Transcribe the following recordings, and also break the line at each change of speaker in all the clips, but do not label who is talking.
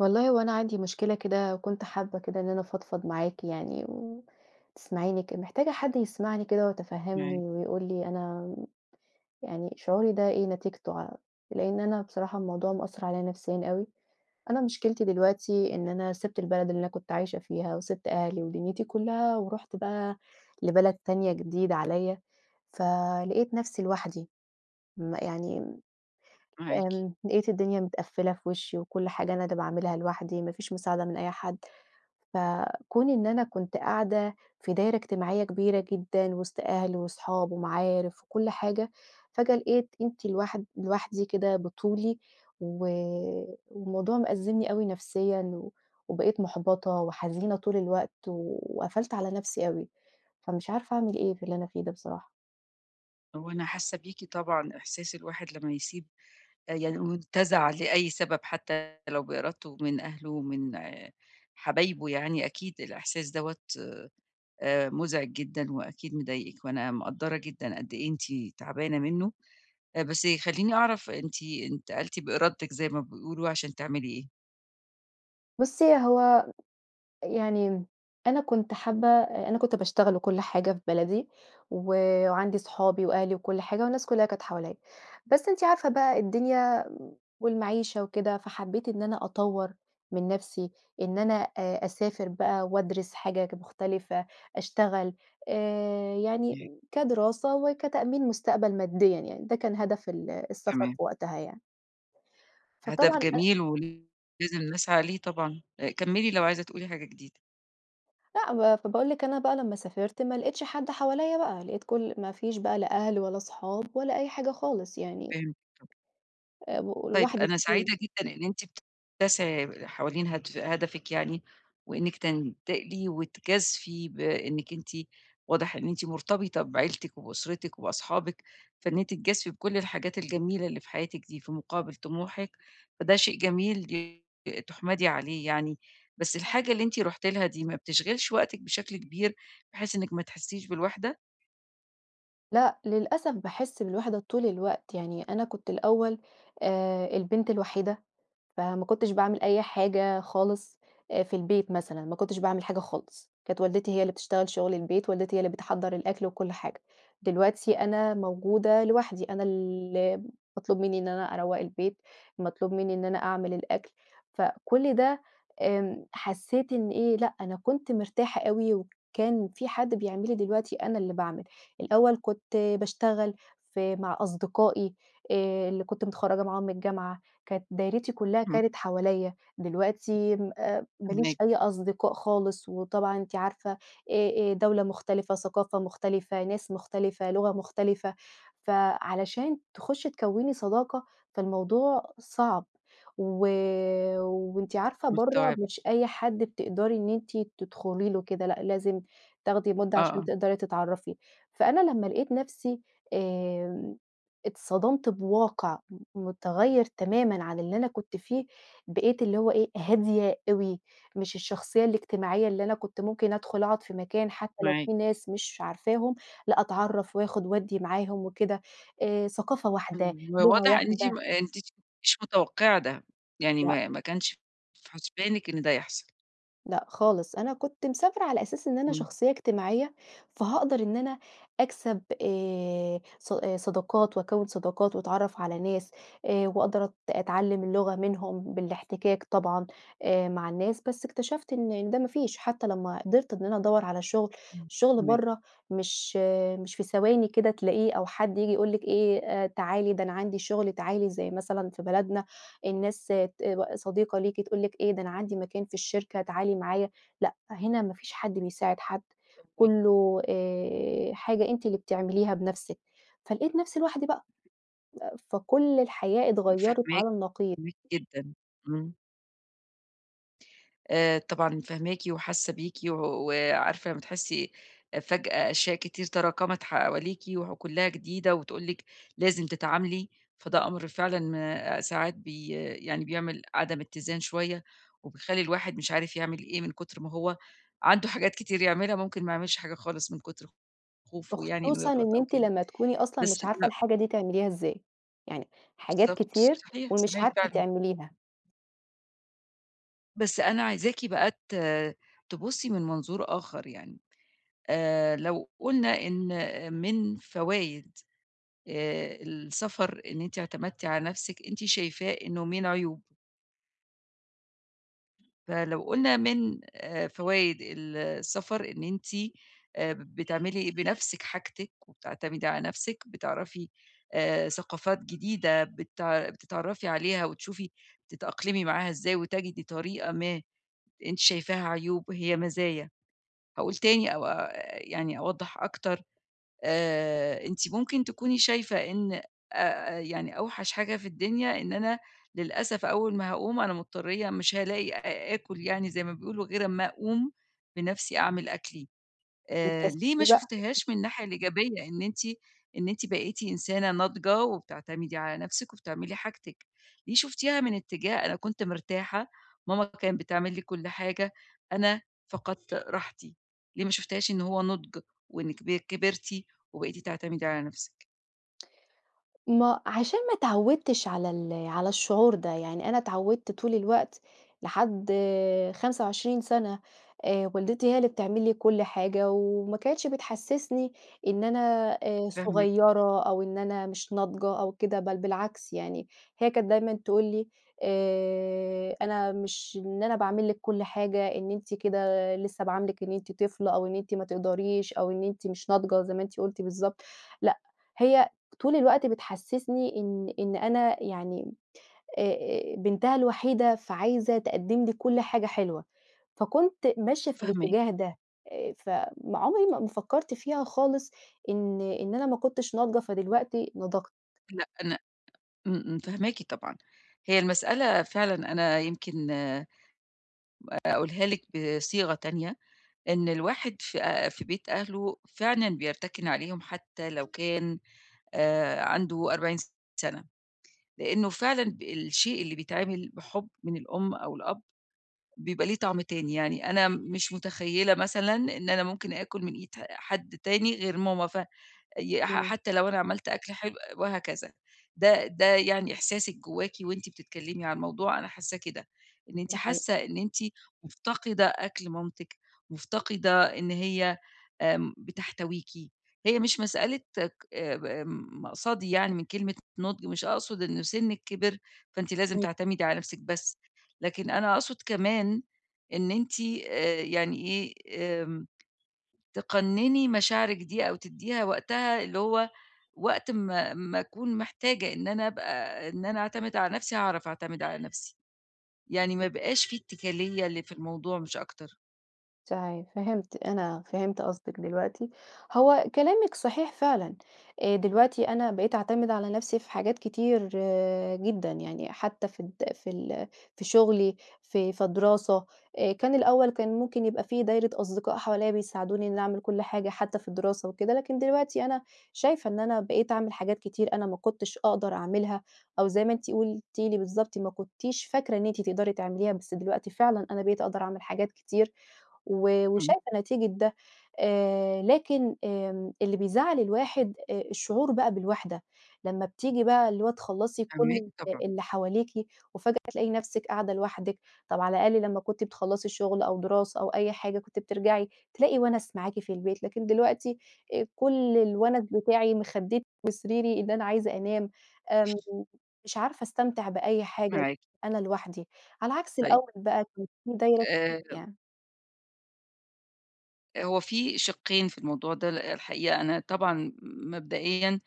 والله هو أنا عندي مشكلة كده وكنت حابة كده إن أنا أفضفض معاكِ يعني و تسمعيني ك محتاجة حد يسمعني كده ويتفهّمني،
معاكِ.
ويقول لي أنا يعني شعوري ده إيه نتيجته ع لإن أنا بصراحة الموضوع مأثّر عليَّ نفسيًا أوي، أنا مشكلتي دلوقتي إن أنا سِبت البلد اللي أنا كنت عايشة فيها وسِبت أهلي ودنيتي كلّها، ورُحت بقى لبلد تانية جديدة عليَّ، ف لقيت نفسي لوحدي ما يعني امم،
معاكِ.
آمم لقيت الدنيا متقفِّلة في وشي وكُلّ حاجة أنا اللي باعملها لوحدي، ما فيش مساعدة من أي حد، ف كون إن أنا كنت قاعدة في دايرة إجتماعية كبيرة جدًا وسط أهل وأصحاب ومعارف وكُلّ حاجة، فجأة لقيت أنتِ لوحد لوحدي كده بطُولي و والموضوع مأزِّمني أوي نفسيًا، وبقيت محبطة وحزينة طول الوقت، وقفلت على نفسي أوي، فمش عارفة أعمل إيه في اللي أنا فيه ده بصراحة.
هو أنا حاسة بيكِ طبعًا إحساس الواحد لمّا يسيب يعني مُنتَزَع لأي سبب حتى لو بإرادته من أهلُه ومن حبايبُه يعني، أكيد الإحساس دوَّة آآ، مزعج جدًا وأكيد مضايقِك، وأنا مقدّرة جدًا قد إيه أنتِ تعبانة منُّه، بس خلّيني أعرف أنتِ انتقلتِ بإرادتِك زي ما بيقولوا عشان تعملي إيه؟
بصّي، هو يعني أنا كنت حابة أ أنا كنت باشتغل وكُلّ حاجة في بلدي، و وعندي اصحابي وأهلي وكُلّ حاجة والناس كلّها كانت حواليّا، بس أنتِ عارفة بقى الدنيا والمعيشة وكده، فحبّيت إن أنا أطوّر من نَفسي، إن أنا أ أسافر بقى وادرس حاجَة ج مُختلفة أشتغل آآ، يعني
إمم.
كدراسة وكتأمين مُستقبَل ماديًا يعني، ده كان هدف ال السَفَر
تمام.
في وقتها يعني.
هدف
فطبعًا أنا
جميل، ولازم نسعى ليه طبعًا أ كمّلي لو عايزة تقولي حاجة جديدة.
لأ با فباقول لِك أنا بقى لمّا سافرت ما لقيتش حد حواليّا بقى، لقيت كُلّ ما فيش بقى لا أهل ولا اصحاب ولا أي حاجة خالص يعني
فهمتِك.
أ
طيب،
ولوحدي
أنا
بطولي.
سعيدة جدًا إن أنتِ بت تسعي حوالين هدف هدفِك يعني وإنِّك تنتقلي وتجازفي بإنِّك أنتِ واضح إن أنتِ مرتبطة بعيلتِك، وبأُسرتِك وبأصحابِك، فإن أنتِ تجازفي بكُلّ الحاجات الجميلة اللي في حياتِك دي، في مُقابل طموحِك فده شيء جميل [unintelligible] تُحمَدي عليه يعني، بس الحاجة اللي أنتِ رُحتِ لها دي ما بتشغِلش وقتِك بشكل كبير؟ بحيث إنِّك ما تحسّيش بالوحدة؟
لأ، للأسف باحِسّ بالوِحدة طول الوقت يعني أنا كنت الأول آآ، البنت الوحيدة فما كنتش باعمِل أي حاجة خالص في البيت مثلًا، ما كنتش باعمِل حاجة خالص، كانت والدتي هي اللي بتشتغل شغل البيت، والدتي هي اللي بتحضّر الأكل وكُلّ حاجة، دلوقتي أنا موجودة لوحدي، أنا ال اللي مطلوب مني إن أنا أروّق البيت، مطلوب مني إن أنا أعمل الأكل، فكُلّ ده آمم، حسيت إن إيه، لأ، أنا كنت مرتاحة أوي وكان في حد بيعمل لي، دلوقتي أنا اللي باعمل، الأول كنت باشتغل في مع أصدقائي آآ، اللي كنت متخرّجة معاهم من الجامعة، كانت دايرتي كلّها
إمم.
كانت حواليّا، دلوقتي أ ما
امّا
ليش
اجى.
أي أصدقاء خالص وطبعًا أنتِ عارفة آآ آآ، دولة مختلفة، ثقافة مختلفة، ناس مختلفة، لغة مختلفة، فعلشان تخُشي تكوّني صداقة، فالموضوع صعب. و وأنتِ عارفة برّه
مستوعبة.
مش أي حد بتقدري إن أنتِ تدخلي له كده، لأ لازم تاخدي مُدّة
آه،
عشان
آه.
تقدري تتعرّفي، فأنا لمّا لقيت نفسي آمم، اتصدمت بواقع م مُتغيّر تمامًا عن اللي أنا كنت فيه، بقيت اللي هو إيه، هادية أوي، مش الشخصية الاجتماعية اللي أنا كنت ممكن أدخل أقعد في مكان حتى لو
معاكِ.
في ناس مش عارفاهم، لأ أتعرّف وآخُد وادّي معاهم وكده، آآ، ثقافة واحدة،
إمم و
لغة
واضح إن أنتِ
واحدة
أنتِ مش متوقِعة ده يعني
لأ.
ما ما كانش في حسبانِك إن ده يحصل.
لأ خالص. أنا كنت مسافرة على أساس إن أنا
إمم.
شخصية اجتماعية، فهاقدر إن أنا أكسب آآ ص صداقات وأكوِّن صداقات وأتعرّف على ناس، آآ وأقدر أت أتعلّم اللغة منهم بالاحتكاك طبعًا آآ، مع الناس، بس اكتشفت إن ده ما فيش حتى لمّا قدرت إن أنا أدَوّر على شغل،
إمم،
الشغل
تمام.
برا مش مش في ثواني كده تلاقيه أو حد ييجي يقول لِك إيه، آآ تعالي ده أنا عندي شغل تعالي زي مثلًا في بلدنا الناس [unintelligible] صديقة ليكِ، تقول لِك إيه ده أنا عندي مكان في الشركة تعالي معايا، لأ هنا ما فيش حد بيساعد حد،
فاهماكِ.
كله آآ حاجة أنتِ اللي بتعمليها بنفسِك، فلقيت نفسي لوحدي بقى. فكل الحياة اتغيّرِت
فاهماكِ،
على النقيض.
فاهماكِ جدًا، إمم. آآ طبعًا فاهماكِ وحاسة بيكِ، وعارفة أمّا تحسي أ فجأة أشياء كتير تراكمت حواليكِ، وكلها جديدة وتقول لِك، لازم تتعاملي فده أمر فعلًا آآ ساعات بي يعني بيعمل عدم اتّزان شوية، وبيخلّي الواحد مش عارف يعمل إيه من كتر ما هو عنده حاجات كتير يعملها ممكن ما يعملش حاجة خالص من كتر خوفه يعني إنه
وخصوصًا
يغلط
إن
أو
أنتِ
كده،
لمّا تكوني أصلًا
بس
مش عارفة
م
الحاجة دي تعمليها إزاي، يعني حاجات
بالضبط،
كتير
صحيح،
ومش
صحيح
عارفة
فعلًا.
تعمليها.
بس أنا عايزاكِ بقى ت تبصي من منظور آخر يعني آآ، لو قُلنا إن من فوايد آآ، السَفَر إن أنتِ اعتمدتِ على نفسِك، أنتِ شايفاه إنه من عيوب. فلو قلنا من آآ، فوايد ال السَفَر إن أنتِ اا بتعملي بنفسِك حاجتِك، وبتعتمدي على نفسِك بتعرفي آآ، ثقافات جديدة بتع بتتعرّفي عليها وتشوفي تتأقلمي معاها إزاي، وتَجِدي طريقة ما أنتِ شايفاها عيوب هي مزايا، هاقول تاني أو آآ يعني أوضح أكتر آآ، أنتِ ممكن تكوني شايفة إن آآ، يعني أوحش حاجة في الدنيا إن أنا للأسف أول ما هاقوم أنا مضطرية مش هالاقي آ آكُل يعني زي ما بيقولوا غير أمّا أقوم بنفسي أعمل أكلي آآ، ليه ما
بتكسّلي بقى.
شُفتيهاش من الناحية الإيجابية، إن أنتِ إن أنتِ بقيتِ إنسانة ناضجة وبتعتمدي على نفسِك وبتعملي حاجتِك، ليه شُفتيها من اتجاه أنا كنت مرتاحة، ماما كان بتعمل لي كُلّ حاجة أنا فَقَدت راحتي، ليه ما شُفتيهاش إن هو نُضج وإنِّك ب كبرتِ وبقيتِ تعتمدي على نفسِك.
ما عشان ما اتعوّدتش على ال على الشعور ده يعني أنا اتعودت طول الوقت لحد 25 سنة آآ، والدتي هي اللي بتعمل لي كُلّ حاجة وما كانتش بتحسسني إن أنا آآ،
فاهماكِ.
صغيرة أو إن أنا مش ناضجة أو كده بل بالعكس، يعني هي كانت دايمًا تقول لي آآ، أنا مش إن أنا باعمل لِك كُلّ حاجة إن أنتِ كده لسه باعاملِك إن أنتِ طفلة أو إن أنتِ ما تقدريش، أو إن أنتِ مش ناضجة زي ما أنتِ قلتِ بالضبط، لأ هي طول الوقت بتحسِّسني إن إن أنا يعني أ أ بنتها الوحيدة فعايزة تقدِّم لي كُلّ حاجة حلوة، فكنت ماشية في
فاهماكِ.
الاتجاه ده آآ، ف ما عُمري ما فكّرت فيها خالص، إن إن أنا ما كنتش ناضجة فدلوقتي نضجت.
لأ، أنا امم، امم فاهماكِ طبعًا، هي المسألة فعلًا أنا يمكن با أقولها لِك بصيغة تانية، إن الواحد في آآ، في بيت أهلُه فعلًا بيرتكِن عليهم حتى لو كان آآ، عنده 40 سنة، لأنه فعلًا ب الشيء اللي بيتعمل بحُبّ من الأم أو الأب، بيبقى ليه طعم تاني يعني أنا مش متخيلة مثلًا إن أنا ممكن آكل من إيد حد تاني غير ماما ف ي ح
إمم.
حتى لو أنا عملت أكل حلو وهكذا، ده ده يعني إحساسِك جواكِ وأنتِ بتتكلمي عن الموضوع أنا حاسّاه كده، إن أنتِ
ده حقيقي.
حاسة إن أنتِ مفتقدة أكل مامتِك، مفتقدة إن هي آمم بتحتويكي، هي مش مسألة ك ب مقصدي يعني من كلمة نُضج مش أقصد إنه سنِّك كِبِر، فأنتِ لازم
امم.
تعتمدي على نفسِك بس، لكن أنا أقصد كمان إن أنتِ آآ، يعني إيه آمم، تقنِّني مشاعرِك دي أو تدّيها وقتها اللي هو وقت ما ما أكون محتاجة إن أنا أبقى إن أنا أعتمد على نفسي هاعرف أعتمد على نفسي. يعني ما
امم.
يبقاش في إتكالية اللي في الموضوع مش أكتر.
صحيح، فهِمت، أنا فهِمت قصدِك دلوقتي. هو كلامِك صحيح فعلًا، آآ، دلوقتي أنا بقيت أعتمد على نَفْسي في حاجات كتير جدًا، يعني حتى في الد في ال في شغلي في في دراسة، آآ، كان الأول كان ممكن يبقى في دايرة أصدقاء حواليَّ بيساعدوني إني أعمل كُلّ حاجة حتى في الدراسة وكده، لكن دلوقتي أنا شايفة إن أنا بقيت أعمِل حاجات كتير أنا ما كُنتش أقدر أعملها أو زي ما أنتِ قُلتِ لي بالضبط، ما كُنتيش فاكرة إن أنتِ تقدري تعمليها بس دلوقتي فعلًا أنا بقيت أقدر أعمل حاجات كتير و
إمم.
وشايفة نتيجة ده، آآ، لكن آمم، اللي بيزعَّل الواحد آآ الشعور بقى بالوِحدة لمّا بتيجي بقى اللي هو تخلّصي
فاهماكِ
كُلّ
طبعًا.
اللي حواليكِ وفجأة تلاقي نفسِك قاعدة لوحدِك، طَب على الأقل لمّا كُنتِ بتخلّصي الشغل أو دراسة، أو أي حاجة كنتِ بترجعي تلاقي وَنَس معاكِ في البيت لكن دلوقتي آآ كُلّ الوَنَس بتاعي، مخدِّتي وسريري إن أنا عايزة أنام، آمم، مش عارفة أستمتع بأي حاجة
معاكِ.
أنا لوحدي، على عكس
طيب.
الأول بقى كان فيه دايرة كبيرة
آآ
يعني.
هو في شقّين في الموضوع ده، ل الحقيقة أنا طبعًا مبدئيًا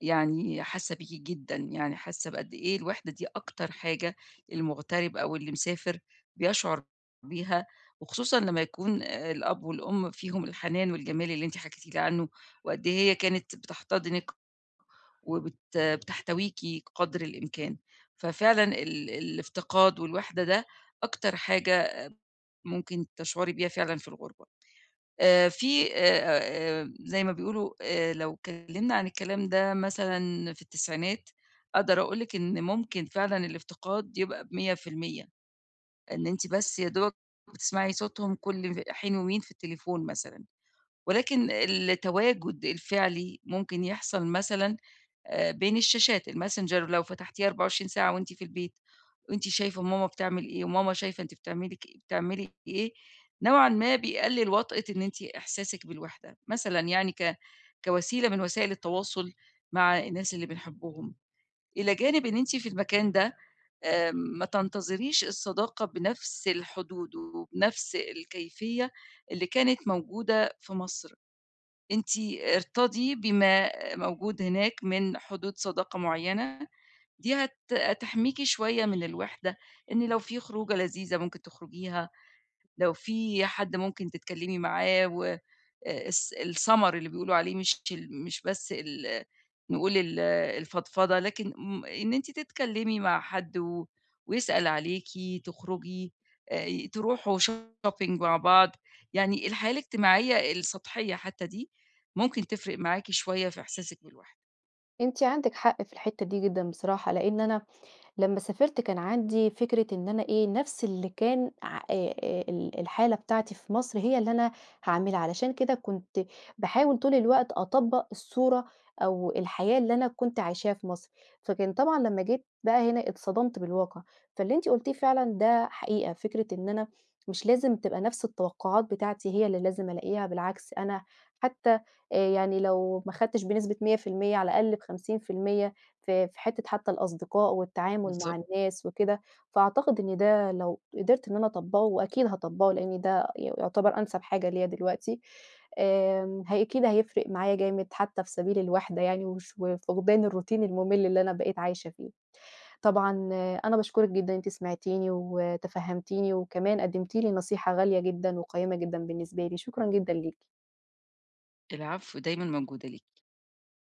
يعني حاسة بيكِ جدًا، يعني حاسة بقد إيه الوحدة دي أكتر حاجة المُغترب أو اللي مسافر، بيشعر بيها وخصوصًا لمّا يكون الأب والأم فيهم الحنان والجمال اللي أنت حكيتِ لي عنُّه، وقد إيه هي كانت بتحتضنِك وبت بتحتويكِ قدر الإمكان ففعلًا ال الافتقاد والوحدة ده، أكتر حاجة ممكن تشعري بيها فعلًا في الغربة. آآ، في آآ، زي ما بيقولوا آآ، لو اتكلمنا عن الكلام ده مثلًا في التسعينات أقدر أقول لِك إن ممكن فعلًا الافتقاد يبقى ب100% إن أنتِ بس يا دوبك بتسمعي صوتهم كُلّ حين ومين في التليفون مثلًا، ولكن التواجد الفعلي ممكن يحصل مثلًا آآ، بين الشاشات الMessenger لو فتحتيها 24 ساعة وأنتِ في البيت وأنتِ شايفة ماما بتعمل إيه، وماما شايفة أنتِ بتعملي ك بتعملي إيه، نوعًا ما بيقلِّل وطأة إن أنتِ إحساسِك بالوحدة، مثلًا يعني ك كوسيلة من وسائل التواصل مع الناس اللي بنحبِّهم، إلى جانب إن أنتِ في المكان ده، آمم، ما تنتظريش الصداقة بنفس الحدود، وبنفس الكيفية اللي كانت موجودة في مصر، أنتِ ارتضي بما موجود هناك من حدود صداقة معيّنة، دي هت هتحميكِ شوية من الوحدة إن لو في خروجة لذيذة ممكن تخرجيها، لو في حد ممكن تتكلمي معاه والس السمَر اللي بيقولوا عليه مش ال مش بس ال نقول ال الفضفضة لكن م إن أنتِ تتكلمي مع حد و ويسأل عليكِ، تخرجي آآ تروحوا shopping مع بعض، يعني الحياة الاجتماعية السطحية حتى دي، ممكن تفرق معاكِ شوية في إحساسِك بالوحدة.
أنتِ عندِك حق في الحتة دي جدًا بصراحة، لإن أنا لمّا سافرت كان عندي فكرة إن أنا إيه نَفْس اللي كان ع آآ، آآ، ال الحالة بتاعتي في مصر، هي اللي أنا هاعملها، علشان كده كنت باحاول طول الوقت أطبَّق الصورة أو الحياة اللي أنا كنت عايشاها في مصر، فكان طبعًا لمّا جيت بقى هنا اتصدمت بالواقع، فاللي أنت قُلتيه فعلًا ده حقيقة، فكرة إن أنا مش لازم تبقى نَفْس التوقعات بتاعتي هي اللي لازم ألاقيها بالعكس، أنا حتى يعني لو ما خدتِش بنسبة 100% على الأقل ب50% في في حتة حتى الأصدقاء والتعامل مع
بالضبط.
الناس وكده، فأعتقد إن ده لو قدرت إن أنا أطبّقه وأكيد هاطبّقه لإن ده ي يعتبر أنسب حاجة ليّا دلوقتي آمم، هي أكيد هيفرق معايا جامد حتى في سبيل الوحدة يعني، وش وفقدان الroutine المُمِل اللي أنا بقيت عايشة فيه، طبعًا أنا باشكرِك جدًا إن أنتِ سمعتيني وتفهّمتيني، وكمان قدمتِ لي نصيحة غالية جدًا وقيِّمة جدًا بالنسبة لي، شكرًا جدًا ليكِ.
العفو، دايمًا موجودة ليكِ.